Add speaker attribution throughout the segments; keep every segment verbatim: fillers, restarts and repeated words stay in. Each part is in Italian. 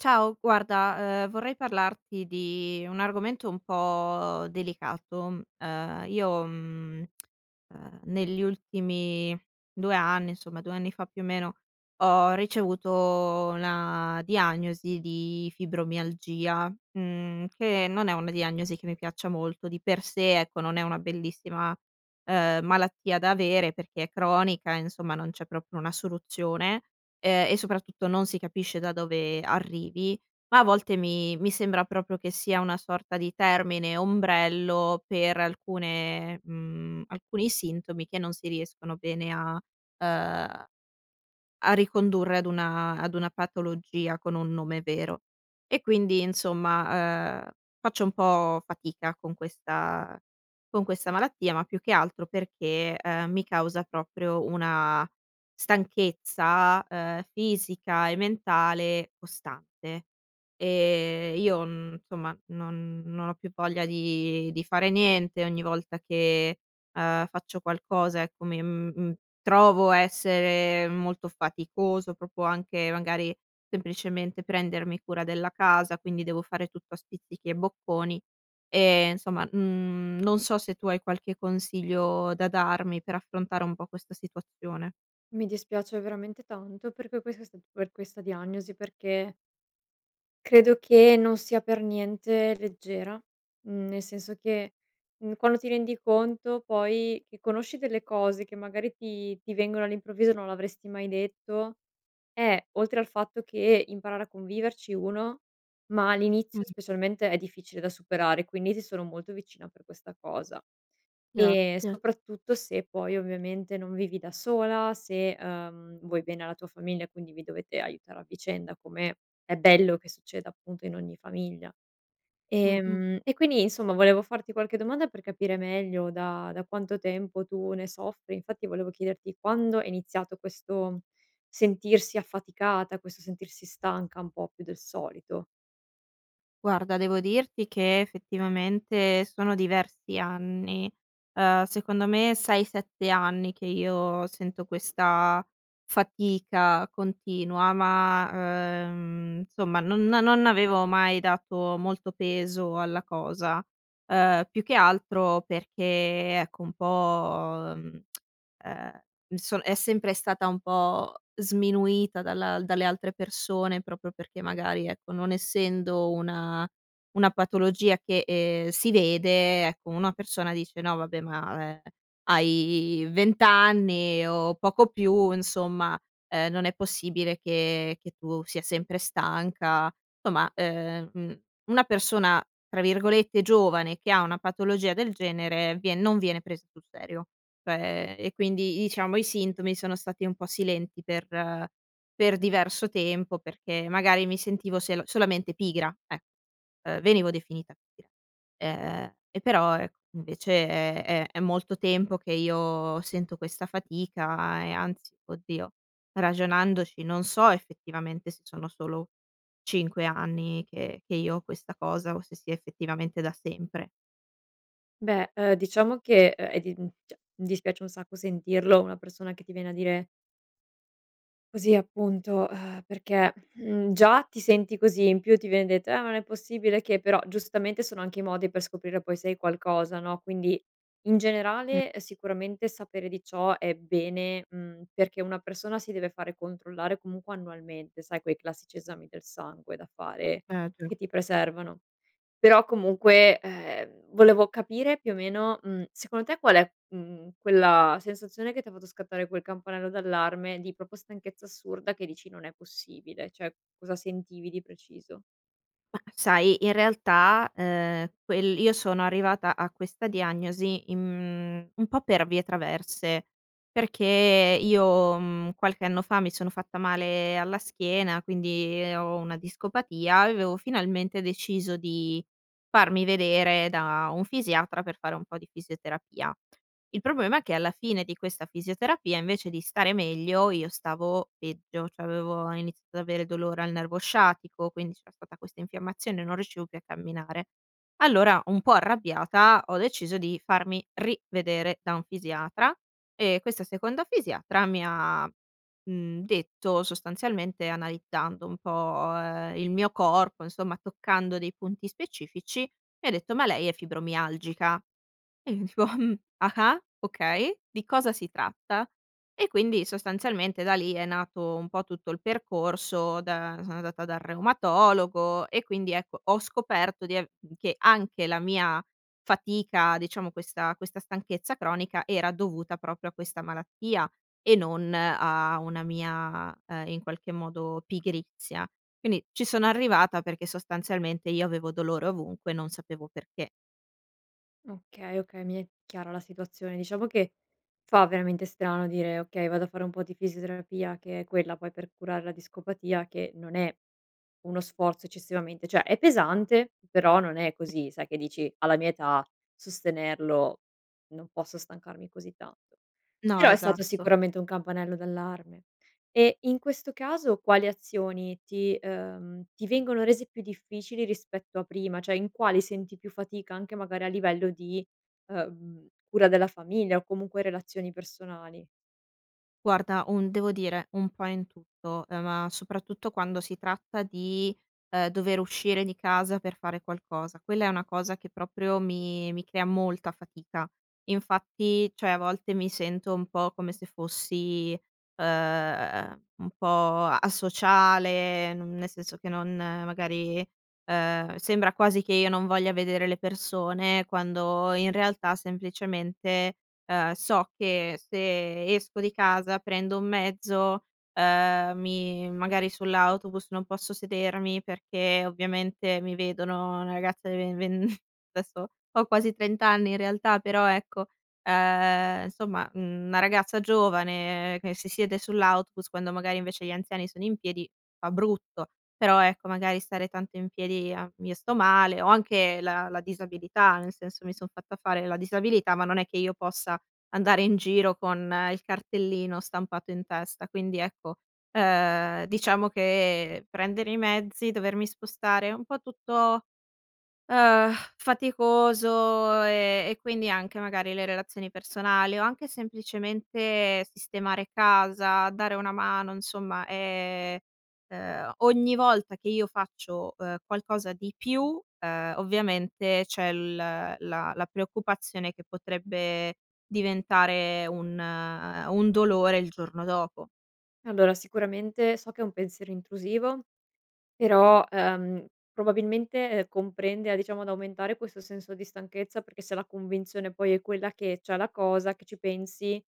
Speaker 1: Ciao guarda, ehm, vorrei parlarti di un argomento un po' delicato. Ehm, io, mhmm, ehm, negli ultimi due anni, insomma, due anni fa più o meno, ho ricevuto una diagnosi di fibromialgia, mhmm, che non è una diagnosi che mi piaccia molto, di per sé, ecco non è una bellissima, ehm, malattia da avere perché è cronica insomma non c'è proprio una soluzione, ehm, e soprattutto non si capisce da dove arrivi, ma a volte mi mi sembra propio che sia una sorta di termine ombrello, per alcune mhmm, alcuni sintomi che non si riescono bene a ehm, a a ricondurre ad una ad una patologia con un nome vero. E quindi insomma, ehm, faccio un po' fatica con questa con questa malattia, ma più che altro perché, ehm, mi causa proprio una stanchezza, ehm, fisica e mentale costante e io n somma, non non ho più voglia di di fare niente, ogni volta che, ehm, faccio qualcosa, ecco, mi mhmm trovo essere molto faticoso propo anche magari semplicemente prendermi cura della casa, quindi devo fare tutto a spizzichi e bocconi e nsomma, n non so se tu hai qualche consiglio da darmi per affrontare un po' questa situazione.
Speaker 2: Mi dispiace veramente tanto perché quesa st per questa diagnosi perché credo che non sia per niente leggera, mhmm, nel senso che, mhmm, quando ti rendi conto poi che conosci delle cose che magari ti ti vengono all'improvviso e non l'avresti mai detto, eh oltre al fatto che imparare a conviverci uno, ma all'inizio
Speaker 1: Mh.
Speaker 2: specialmente è difficile da superare, quindi ti sono molto vicina per questa cosa. E
Speaker 1: gratte.
Speaker 2: soprattutto se poi ovviamente non vivi da sola, se, ehm, vuoi bene alla tua famiglia, quindi vi dovete aiutare a vicenda, come è bello che succeda appunto in ogni famiglia. E
Speaker 1: Mh-mh.
Speaker 2: mhmm, e quindi insomma volevo farti qualche domanda per capire meglio da da quanto tempo tu ne soffri, infatti volevo chiederti quando è iniziato questo sentirsi affaticata, questo sentirsi stanca un po' più del solito.
Speaker 1: Guarda, devo dirti che fettivamente sono diversi anni, ehm, secondo me sei sette anni che io sento questa fatica continua, ma ehm, nsomma non a non avevo mai dato molto peso alla cosa, ehm, più che altro perché, ecco un po', mhmm, ehm m so è sempre stata un po' sminuita dalla dalle altre persone propio perché magari, ecco, non essendo una una patologia che, ehm, si vede, ecco, una persona dice: "No vabbè ma, ehm, hai vent anni o poco più insomma, ehm, non è possibile che che tu sia sempre stanca". tomma ehm, mhmm, una persona tra virgolette, "giovane", che ha una patologia del genere vien non viene pres sul serio. Cioè e quindi iciamo i sintomi sono stati un po' silenti per per diverso tempo, perché magari mi sentivo selo solamente pigra eh, ehm venivo definita gra. Ehm, e però ec nvece è è è molto tempo che io sento questa fatica e anzi, oddio, ragionandoci non so effettivamente se sono solo cinque anni che che io ho questa cosa, o se sia effettivamente da sempre.
Speaker 2: Beh, uhm, diciamo che, uhm, è di mhmm, ceh, mi dispiace un sacco sentirlo, una persona che ti viene a dire così appunto perché, mhmm, già ti senti così in più ti viene detto: "Eh ma non è possibile che", però giustamente sono anche i modi per scoprire poi se hai qualcosa no, quindi in
Speaker 1: Mh.
Speaker 2: generale sicuramente sapere di ciò è bene, mhmm, perché una persona si deve fare controllare comunque annualmente, sai quei classici esami del sangue da fare
Speaker 1: [unintelligible]
Speaker 2: che ti preservano, però comunque, ehm, volevo capire più o meno, mhmm, secondo te qual'è, mhmm, quella sensazione che ti ha fatto scattare quel campanello d'allarme, di propo stanchezza assurda, che dici: "Non è possibile", ceh cosa sentivi di preciso?
Speaker 1: Mah sai, in realtà, ehm, quel io sono arrivata a questa diagnosi in mhmm un po' per vie traverse, perché io, mhmm, qualche anno fa mi sono fatta male alla schiena, quindi ho una discopatia, aveo finalmente deciso di farmi vedere da un fisiatra per fare un po' di fisioterapia. Il problema è che alla fine di questa fisioterapia invece di stare meglio, io stavo peggio, cioè avevo iniziato ad avere dolore al nervo sciatico quindi c'era stata questa infiammazione, non riuscivo più a camminare. Allora un po' arrabbiata ho deciso di farmi rivedere da un fisiatra e questa seconda fisiatra mi ha, mhmm, detto sostanzialmente, analiddando un po', ehm, il mio corpo, insomma toccando dei punti specifici, mi ha detto: "Ma lei è fibromialgica," e io dico ah-ah, okay, di cosa si tratta? E quindi sostanzialmente da lì è nato un po' tutto il percorso, da sono andata dal reumatologo e quindi ecco, ho scoperto di av che anche la mia fatica diciamo questa questa stanchezza cronica era dovuta propio a questa malattia e non a una mia, ehm, in qualche modo pigrizia. Quindi ci sono arrivata perché sostanzialmente io avevo dolore ovunque non sapevo perché.
Speaker 2: Okay, okay. Mi è chiara la situazione. Diciamo che fa veramente strano dire: "Okay, vado a fare un po' di fisioterapia." Che è quella poi, per curare la discopatia che non è uno sforzo eccessivamente ceh, è pesante, però non è così sai, che dici: "Alla mia età, sostenerlo non posso stancarmi così tanto."
Speaker 1: No,
Speaker 2: Però, è stato
Speaker 1: esatto.
Speaker 2: sicuramente un campanello d'allarme. E in questo caso quali azioni ti ehm, ti vengono rese più difficili, rispetto a prima? Cioè, in quali senti più fatica, anche magari a livello di, ehm, cura della famiglia o comunque, relazioni personali?
Speaker 1: Guarda un devo dire un po' in tutto. Ehm, ma soprattutto, quando si tratta di, ehm, dover uscire di casa per fare qualcosa. Quella è una cosa che proprio, mi mi crea molta fatica. Infatti, cioè, a volte mi sento un po' come se fossi, ehm, un po' a asociale, non nel senso che non magari, ehm, sembra quasi che io non voglia vedere le persone, quando in realtà semplicemente, ehm, so che se esco di casa, prendo un mezzo, ehm, mi magari sull'autobus non posso sedermi, perché ovviamente, mi vedono una ragazza di ven ven desso, ho quasi trent anni in realtà, però ecco, ehm, nsomma, mhmm, una ragazza giovane che si siede sull'autobus, quando magari, invece, gli anziani sono in piedi, fa brutto. Però, ecco magari stare tanto in piedi i a io sto male. Ho anche la la disabilità, nel senso, mi son fatta fare la disabilità, ma non è che io possa andare in giro con il cartellino stampato in testa. Quindi ecco, ehm, diciamo che prendere i mezzi, dovermi spostare un po' tutto, ehm, faticoso, e e quindi anche magari le relazioni personali o anche semplicemente sistemare casa, dare una mano nsomma è ehm, ogni volta che io faccio, ehm, qualcosa di più, ehm, ovviamente c'è l la la preoccupazione che potrebbe diventare un un dolore il giorno dopo.
Speaker 2: Allora sicuramente so che è un pensiero intrusivo però, ehm, probabilmente, ehm, comprende a diciamo ad aumentare questo senso di stanchezza, perché se la convinzione poi è quella che c'ha la cosa, che ci pensi,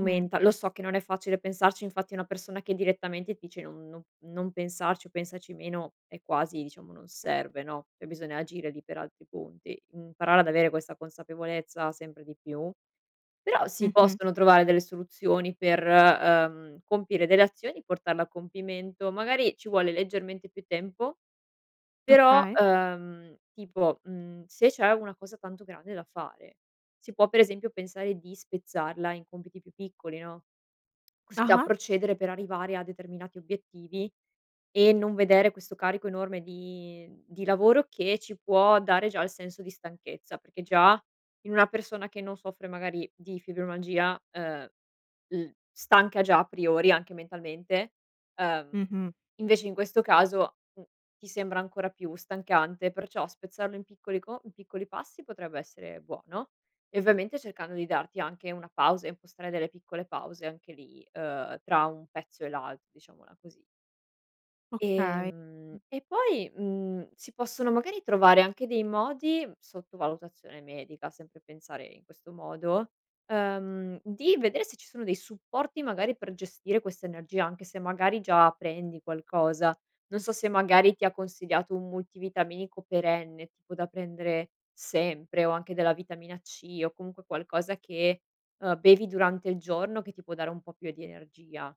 Speaker 1: Mhmm.
Speaker 2: lo so che non è facile pensarci, infatti una persona che direttamente ti dice: "Non non non pensarci, o pensaci meno" è quasi diciamo non serve no. E bisogna agire lì per altri punti, imparare ad avere questa consapevolezza, sempre di più. Però si
Speaker 1: Mh-mh.
Speaker 2: possono trovare delle soluzioni per, uhm, compiere delle azioni, portarle a compimento, magari ci vuole leggermente più tempo però,
Speaker 1: Okay.
Speaker 2: uhm, tipo, mhmm, se c'è una cosa tanto grande da fare, si può per esempio pensare di spezzarla in compiti più piccoli, no. Così da
Speaker 1: Ah-ah.
Speaker 2: procedere per arrivare a determinati obiettivi e non vedere questo carico enorme di di lavoro che ci può dare già il senso di stanchezza, perché già in una persona che non soffre magari di fibromalgia, uhm, l stanca già a priori anche mentalmente, uhm,
Speaker 1: Mh-mh.
Speaker 2: invece in questo caso, n ti sembra ancora più stancante, perciò spezzarlo in piccoli co in piccoli passi potrebbe essere buono e ovviamente cercando di darti anche una pausa e impostare delle piccole pause anche lì, uhm, tra un pezzo e l'al diciamola così.
Speaker 1: Okay.
Speaker 2: Ehm, e poi, mhmm, si possono magari trovare anche dei modi, sotto valutazione medica, sempre pensare in questo modo, ehm, di vedere se ci sono dei supporti magari per gestire questa energia, anche se magari già prendi qualcosa. Non so se magari ti ha consigliato un multivitaminico perenne, tipo da prendere sempre, o anche della vitamina C, o comunque qualcosa che, uhm, bevi durante il giorno che ti può dare un po' più di energia.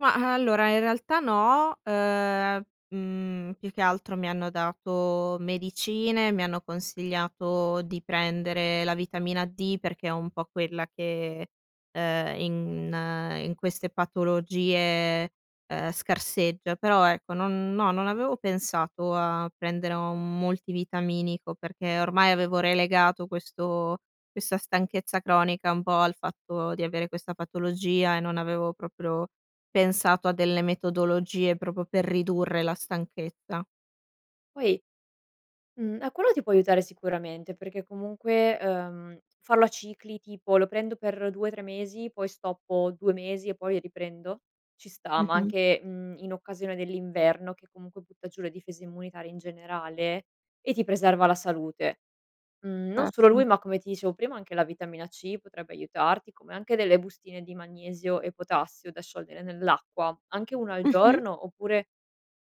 Speaker 1: Ma, allora, in realtà, no. Ehm, mhmm, più che altro mi hanno dato medicine, mi hanno consigliato di prendere la vitamina D perché è un po' quella che, ehm, in in queste patologie, ehm, scarseggia, però ecco non no, non avevo pensato a prendere un multivitaminico perché, ormai, avevo relegato questo questa stanchezza cronica un po' al fatto di avere questa patologia e non avevo proprio pensato a delle metodologie propo per ridurre la stanchezza.
Speaker 2: Poi mhmm, ah, quello ti può aiutare sicuramente perché, comunque, ehm, farlo a cicli, tipo: "Lo prendo per due tre mesi, poi stoppo due mesi e poi riprendo" ci sta, ma
Speaker 1: Mh-mh.
Speaker 2: anche, mhmm, in occasione dell'inverno che, comunque, butta giù le difese immunitarie, in generale, e ti preserva la salute. Mhmm, non solo lui,
Speaker 1: Certo.
Speaker 2: ma, come ti dicevo prima, anche la vitamina C potrebbe aiutarti, come anche delle bustine di magnesio e potassio da sciogliere nell'acqua. Anche una al
Speaker 1: Mh-mh.
Speaker 2: giorno oppure,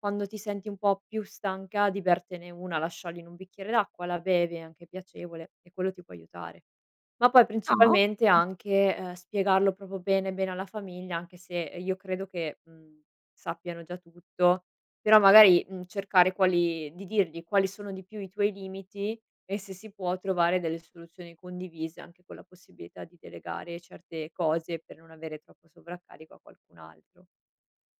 Speaker 2: quando ti senti un pò più stanca di bertene una, la sciogli in un bicchiere d'acqua, la bevi, è anche piacevole, e quello ti può aiutare. Ma poi,
Speaker 1: Ah
Speaker 2: principalmente,
Speaker 1: okay.
Speaker 2: anche, ehm, spiegarlo propo bene, bene alla famiglia, anche se io credo che, mhmm, sappiano già tutto, però, magari, mhmm, cercare quali di dirgli quali sono di più i tuoi limiti e se si può trovare delle soluzioni condivise, anche con la possibilità di delegare certe cose per non avere troppo sovraccarico a qualcun altro.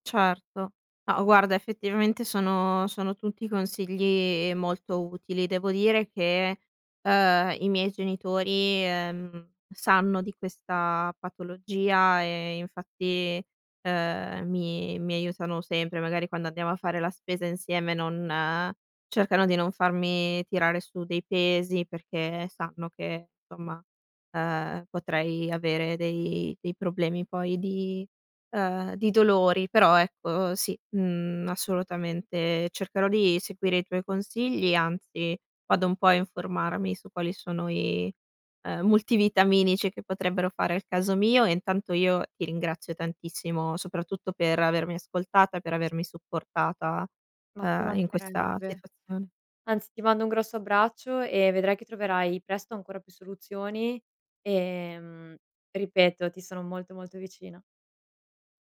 Speaker 1: Certo. Ma, guarda, effettivamente, sono sono tutti consigli molto utili. Devo dire che, ehm, i miei genitori, ehm, sanno di questa patologia e, infatti, ehm, mi mi aiutano sempre. Magari, quando andiamo a fare la spesa insieme, non cercano di non farmi tirare su dei pesi perché sanno che, somma, ehm, potrei avere dei dei problemi poi di ehm, di dolori. Però, ecco, sì, mhmm, assolutamente cercherò di seguire i tuoi consigli, anzi vado un po' a informarmi su quali sono i, ehm, multivitaminici che potrebbero fare al caso mio e, intanto, io ti ringrazio tantissimo, soprattutto per avermi ascoltata, per avermi supportata,
Speaker 2: Ma ci
Speaker 1: ehm, in questa
Speaker 2: mancherebbe.
Speaker 1: situazione.
Speaker 2: Anzi, ti mando un grosso abbraccio e vedrai che troverai presto ancora più soluzioni e, mhmm, ripeto, ti sono molto, molto vicina.